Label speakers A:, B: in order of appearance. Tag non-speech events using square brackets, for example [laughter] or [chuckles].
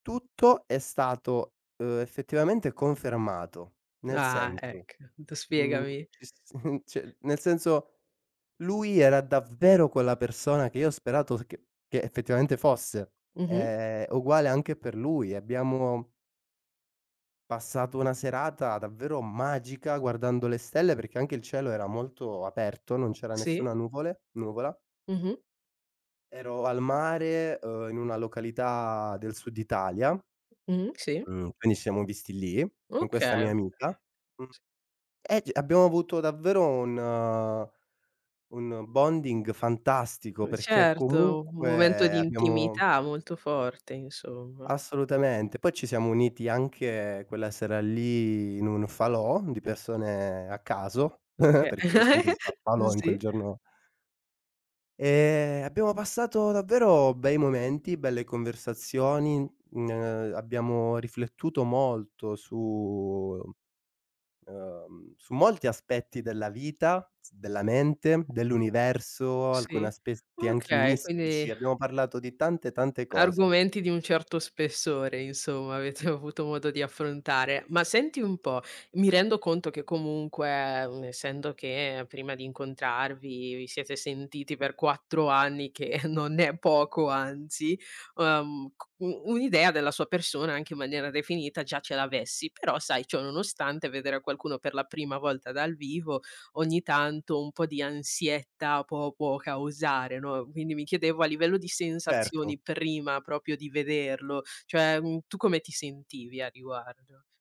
A: Tutto è stato, ehm, effettivamente, confermato, nel
B: Ah,
A: senso,
B: ec tu
A: mhmm,
B: spiegami.
A: ci s [chuckles] ci nel senso: lui era davvero quella persona che io ho sperato che che effettivamente fosse;
B: Mh-mh.
A: è uguale anche per lui. Abbiamo passato una serata davvero magica, guardando le stelle perché anche il cielo era molto aperto, non c'era
B: Sì.
A: nessuna nuvole nuvola.
B: Mh-mh.
A: Ero al mare, uhm, in una località del sud Italia
B: Mh-mh, sì.
A: mhmm, quindi ci siamo visti lì, con
B: Okay,
A: questa mia
B: okay.
A: amica, mhmm,
B: S
A: e c abbiamo avuto davvero un un bonding fantastico
B: C
A: perché
B: certo, un momento
A: comunque
B: di
A: abbiamo
B: intimità molto forte, insomma.
A: Assolutamente, poi ci siamo uniti anche quella sera lì, in un falò di persone a caso, [chuckles]
B: Oka
A: perché giustamente si fa il
B: [chuckles]
A: falò in quel
B: sì.
A: giorno Ehm, abbiamo passato davvero bei momenti, belle conversazioni, mhmm, ne abbiamo riflettuto molto su ehm, su molti aspetti della vita, s della mente, dell'universo, alcuni
B: Sì,
A: aspetti anche
B: okay,
A: mistici,
B: quindi
A: abbiamo parlato di tante, tante cose.
B: argomenti di un certo spessore, insomma, avete avuto modo di affrontare. Ma senti un po', mi rendo conto che comunque, essendo che prima di incontrarvi, vi siete sentiti per 4 anni che [chuckles] non è poco, anzi, ehm c u un'idea della sua persona, anche in maniera definita già ce l'avessi, però, sai, ciò nonostante vedere qualcuno per la prima volta dal vivo, ogni tanto un po' di ansietta può può causare, no? Quindi mi chiedevo a livello di
A: Certo.
B: sensazioni, prima proprio di vederlo, cioè, mhmm tu come ti sentivi a riguardo?